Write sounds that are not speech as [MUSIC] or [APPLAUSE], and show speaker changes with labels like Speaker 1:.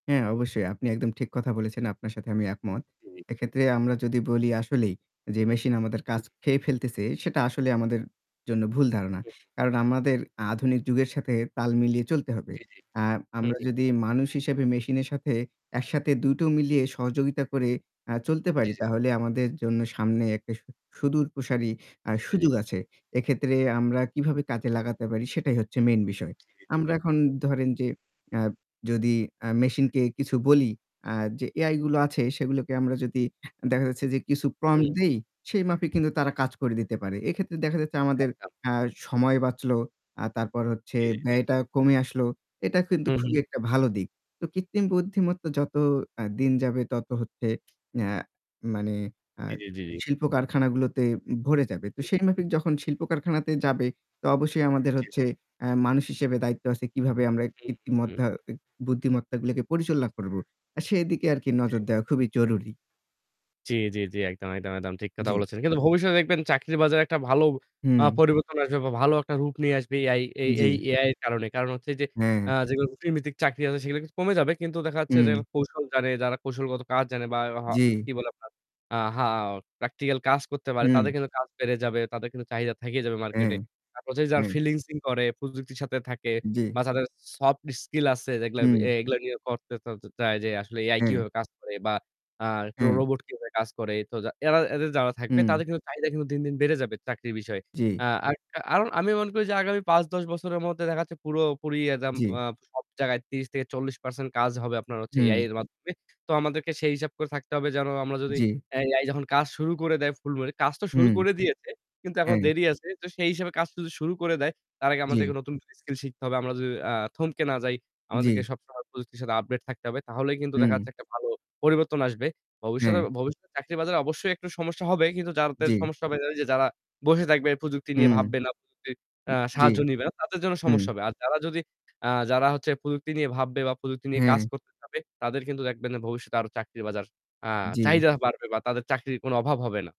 Speaker 1: হ্যাঁ, অবশ্যই আপনি একদম ঠিক কথা বলেছেন। আপনার সাথে আমি একমত।
Speaker 2: জি, জি।
Speaker 1: এক্ষেত্রে আমরা যদি বলি আসলেই, যে মেশিন আমাদের
Speaker 2: হু।
Speaker 1: কাজ খেয়ে ফেলতেছে, সেটা আসলেই আমাদের জন্য ভুল ধারণা।
Speaker 2: হুম, হুম।
Speaker 1: কারণ আমাদের আধুনিক যুগের সাথে তাল মিলিয়ে চলতে হবে।
Speaker 2: জ্বী, জ্বী,
Speaker 1: আর
Speaker 2: হু,
Speaker 1: আমরা
Speaker 2: হু।
Speaker 1: যদি মানুষ হিসেবে মেশিনের সাথে একসাথে দুটো মিলিয়ে সহযোগিতা করে আ চলতে
Speaker 2: জ্বী,
Speaker 1: পারি
Speaker 2: জ্বী।
Speaker 1: তাহলে আমাদের জন্য সামনে একটা সু সুদূর প্রসারি আ
Speaker 2: জী, জী, জী।
Speaker 1: সুযোগ আছে। এক্ষেত্রে আমরা কিভাবে কাজে লাগাতে পারি সেটাই হচ্ছে মেইন বিষয়।
Speaker 2: জি, জ্বী, জ্বী,
Speaker 1: আমরা
Speaker 2: জ্বী।
Speaker 1: এখন ধরেন যে আ যদি আ মেশিনকে কিছু বলি আ যে এআই গুলো আছে সেগুলোকে আমরা যদি দেখা যাচ্ছে যে কিছু প্রম্পট
Speaker 2: হুম।
Speaker 1: দেই সেই মাপে কিন্তু তারা
Speaker 2: হ্যাঁ, হ্যাঁ।
Speaker 1: কাজ করে দিতে পারে। এক্ষেত্রে দেখা যাচ্ছে আমাদের
Speaker 2: একদম।
Speaker 1: আ সময় বাঁচলো। আ তারপর হচ্ছে
Speaker 2: জ্বী, জ্বী, জ্বী।
Speaker 1: ব্যয়টা কমে আসল। এটা কিন্তু
Speaker 2: হু, হু।
Speaker 1: খুবই একটা ভালো দিক। তো কৃত্রিম বুদ্ধিমত্তা যত আ দিন যাবে তত হচ্ছে আ মানে আ
Speaker 2: জ্বী, জ্বী জ্বী, জ্বী।
Speaker 1: শিল্প-কারখানাগুলোতে ভরে যাবে। তো সেই মাফিক
Speaker 2: [UNINTELLIGIBLE]
Speaker 1: যখন শিল্প কারখানাতে যাবে তো অবশ্যই আমাদের
Speaker 2: জ্বি, জ্বি,
Speaker 1: হচ্ছে
Speaker 2: জি।
Speaker 1: আ মানুষ হিসেবে দায়িত্ব আছে কিভাবে আমরা
Speaker 2: হু, হুম,
Speaker 1: কৃত্রিম
Speaker 2: হুম, হুম।
Speaker 1: মদ্ধ্যা অ্যা বুদ্ধিমত্তাগুলোকে পরিচালনা করবো। আর সেদিকে আরকি
Speaker 2: জী।
Speaker 1: নজর দেওয়া খুবই জরুরি।
Speaker 2: জ্বি, জ্বি, জ্বি। একদম, একদম, একদম ঠিক কথা
Speaker 1: জ্বি।
Speaker 2: বলেছেন। কিন্তু ভবিষ্যতে দেখবেন চাকরির বাজারে একটা ভালো আ
Speaker 1: হুম।
Speaker 2: পরিবর্তন আসবে বা ভালো একটা রূপ নিয়ে আসবে AI. এই এই
Speaker 1: জ্বী।
Speaker 2: AI এর কারণে। কারণ হচ্ছে যে
Speaker 1: হ্যাঁ।
Speaker 2: আ যেগুলো রুটিন ভিত্তিক চাকরি আছে সেগুলো কিছু কমে যাবে। কিন্তু দেখা যাচ্ছে যে
Speaker 1: হু।
Speaker 2: কৌশল জানে, যারা কৌশলগত কাজ জানে বা হা
Speaker 1: জী।
Speaker 2: কি বলে আপনার আ হা প্র্যাকটিক্যাল কাজ করতে পারে। তাদের
Speaker 1: হু।
Speaker 2: কিন্তু কাজ বেড়ে যাবে, তাদের কিন্তু চাহিদা থেকে যাবে
Speaker 1: অ্যা
Speaker 2: মার্কেটে। তারপর যে যার
Speaker 1: হ্যাঁ।
Speaker 2: ফ্রিলান্সিং করে, প্রযুক্তির সাথে থাকে
Speaker 1: জ্বী।
Speaker 2: বা যাদের সফট স্কিল আছে যেগুলো এ
Speaker 1: হুম।
Speaker 2: এগুলো গিয়ে করতে-তরতে চায় যে আসলে AI
Speaker 1: হুম।
Speaker 2: কিভাবে কাজ করে বা আ ট্রো
Speaker 1: হ্যা।
Speaker 2: রোবট কিভাবে কাজ করে। তো যা এরা এদের যারা থাকবে
Speaker 1: হুম।
Speaker 2: তাদের কিন্তু চাহিদা কিন্তু দিনদিন বেড়ে যাবে চাকরির বিষয়ে।
Speaker 1: জ্বী।
Speaker 2: আ আরক আরোন আমি মনে করি যে আগামী ৫-১০ বছরের মধ্যে দেখা যাচ্ছে পুরোপুরি একদম
Speaker 1: জ্বী।
Speaker 2: আ সব জায়গায় ৩০ থেকে ৪০% কাজ হবে আপনার হচ্ছে AI
Speaker 1: হু।
Speaker 2: এর মাধ্যমে। তো আমাদেরকে সেই হিসাব করে থাকতে হবে যেন আমরা যদি
Speaker 1: জ্বী।
Speaker 2: অ্যা AI যখন কাজ শুরু করে দেয় ফুলভাবে, কাজ তো
Speaker 1: হু।
Speaker 2: শুরু করে দিয়েছে কিন্তু এখনো
Speaker 1: হ্যা।
Speaker 2: দেরি আছে। তো সেই হিসাবে কাজ যদি শুরু করে দেয় তার আগে
Speaker 1: জ্বী।
Speaker 2: আমাদেরকে নতুনকরে স্কিল শিখতে হবে। আমরা যদি আ থমকে না যাই আমাদেরকে
Speaker 1: জ্বি।
Speaker 2: সবসময় প্রযুক্তির সাথে আপডেট থাকতে হবে, তাহলেই কিন্তু দেখা
Speaker 1: হুম।
Speaker 2: যাচ্ছে একটা ভালো পরিবর্তন আসবে। ভবিষ্যতে
Speaker 1: হ্যা।
Speaker 2: ভবিষ্যতে চাকরি বাজারে অবশ্যই একটু সমস্যা হবে কিন্তু যাদের
Speaker 1: জ্বি।
Speaker 2: সমস্যা হবে, ওইযে যারা বসে থাকবে প্রযুক্তি
Speaker 1: হু।
Speaker 2: নিয়ে
Speaker 1: উ
Speaker 2: ভাববে না, প্রযুক্তির আ
Speaker 1: জ্বী।
Speaker 2: সাহায্য নিবে না, তাদের জন্য
Speaker 1: হু।
Speaker 2: সমস্যা হবে। আর যারা যদি আ যারা হচ্ছে প্রযুক্তি নিয়ে ভাববে বা প্রযুক্তি নিয়ে কাজ
Speaker 1: হ্যাঁ।
Speaker 2: করতে পারবে, তাদের কিন্তু দেখবেন যে ভবিষ্যতে আরো চাকরি বাজার আ
Speaker 1: জ্বী।
Speaker 2: চাহিদা বাড়বে বা তাদের চাকরির কোনো অভাব হবে না।